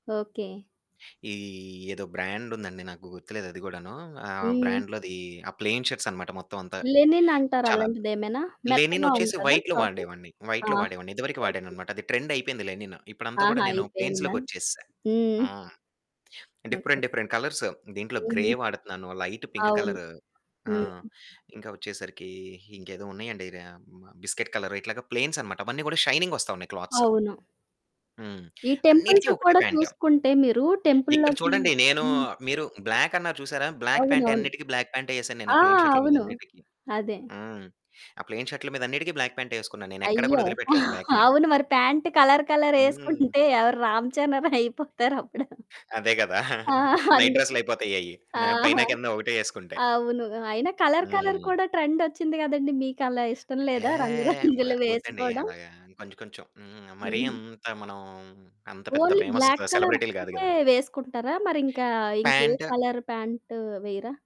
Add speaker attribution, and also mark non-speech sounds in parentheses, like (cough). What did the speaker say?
Speaker 1: Okay.
Speaker 2: ఈ ఏదో బ్రాండుందండి నాకు గుర్తులేదు. అది కూడాను ఆ!
Speaker 1: హ్మ్.
Speaker 2: బ్రాండ్‌లోది ఆ! ప్లెయిన్ షర్ట్స్ అన్నమాట మొత్తమంతా,
Speaker 1: లెనిన్ అంటారా?
Speaker 2: చాలా
Speaker 1: అలాంటిదేమైనా మెత్తగా
Speaker 2: లెనినోచ్చేసి
Speaker 1: ఉంటాదా?
Speaker 2: వైట్‌లో
Speaker 1: క్లాతు
Speaker 2: వాడేవాన్ని
Speaker 1: ఆ!
Speaker 2: వైట్‌లో వాడేవాన్ని. ఇదివరకు
Speaker 1: ఓకే.
Speaker 2: వాడనన్నమాట, అది ట్రెండ్ అయిపోయింది. లెనిన్ ఇప్పుడంతా కూడా
Speaker 1: ఆహా!
Speaker 2: నేను
Speaker 1: అయిపోయిందా?
Speaker 2: ప్లెయిన్స్‌లోకి వచ్చేసా.
Speaker 1: హ్మ్.
Speaker 2: హ్మ్.
Speaker 1: ఓకే.
Speaker 2: డిఫరెంట్, డిఫరెంట్ కలర్స్, దీంట్లో గ్రే
Speaker 1: హుహు.
Speaker 2: వాడుతున్నాను, లైట్ పింక్
Speaker 1: అవును.
Speaker 2: కలర్ ఆ!
Speaker 1: హ్మ్.
Speaker 2: ఇంకా వచ్చేసరికి ఇంకేదో ఉన్నాయండి ర్ మా బిస్కిట్ కలర్ ఇట్లాగా ప్లెయిన్సన్నమాట అవన్నీ కూడా షైనింగ్ వస్తా ఉన్నాయి క్లాత్స్.
Speaker 1: అవును.
Speaker 2: హ్మ్.
Speaker 1: ఈ
Speaker 2: అన్నిటికి
Speaker 1: టెంపుల్స్
Speaker 2: ఒకటే
Speaker 1: కూడా
Speaker 2: ప్యాంటు.
Speaker 1: చూసుకుంటే మీరు
Speaker 2: ఇక్కడ
Speaker 1: టెంపుల్‌లోకి
Speaker 2: చూడండి నేను
Speaker 1: హ్మ్.
Speaker 2: మీరు బ్లాక్ అన్నారు చూసారా, బ్లాక్ ప్యాంటే
Speaker 1: అవునవును.
Speaker 2: అన్నిటికి బ్లాక్ ప్యాంటే వేశాన్నేనా
Speaker 1: ఆ
Speaker 2: ప్లయిన్ షర్టుల మీద
Speaker 1: అవును.
Speaker 2: అన్నిటికి,
Speaker 1: అదే.
Speaker 2: హ్మ్. ఆ! ప్లయిన్ షర్టుల మీద అన్నిటికి బ్లాక్ ప్యాంటే వేసుకున్నాను. నేనెక్కడ
Speaker 1: అయ్యో!
Speaker 2: కూడా వదిలిపెట్టలేదు బ్లాక్‌ని.
Speaker 1: అవును మరి ప్యాంటు కలర్, కలర్
Speaker 2: హ్మ్.
Speaker 1: ఏసుకుంటే ఎవరు రామ్ చరణ్ రయిపోతారప్పుడు.
Speaker 2: అదే కదా!
Speaker 1: ఆ!
Speaker 2: (giggles) నైట్
Speaker 1: అందుకే,
Speaker 2: డ్రెస్సులయిపోతాయయి పైన,
Speaker 1: ఆహా!
Speaker 2: కింద ఒకటే ఏసుకుంటే.
Speaker 1: అవును అయినా కలర్, కలర్
Speaker 2: హ్మ్.
Speaker 1: కూడా ట్రెండోచ్చింది కదండీ! మీకలా ఇష్టం
Speaker 2: ఎ హే,
Speaker 1: లేదా రంగు (giggles)
Speaker 2: వ
Speaker 1: రంగులు
Speaker 2: వద్దండి
Speaker 1: వేసుకోవడం.
Speaker 2: అలాగా కొంచెం, కొంచెం, హ్మ్. మరీ
Speaker 1: హుహు.
Speaker 2: అంత మనం అంత పెద్ద
Speaker 1: ఓన్లీ
Speaker 2: ఫేమస్
Speaker 1: బ్లాక్ కలర్
Speaker 2: సెలబ్రిటీ‌లు గాదు
Speaker 1: ఒక్కటే
Speaker 2: గదా!
Speaker 1: వేసుకుంటారా? మరింకా ఇంకే
Speaker 2: ప్యాంటు
Speaker 1: కలర్ ప్యాంటు వేయరా?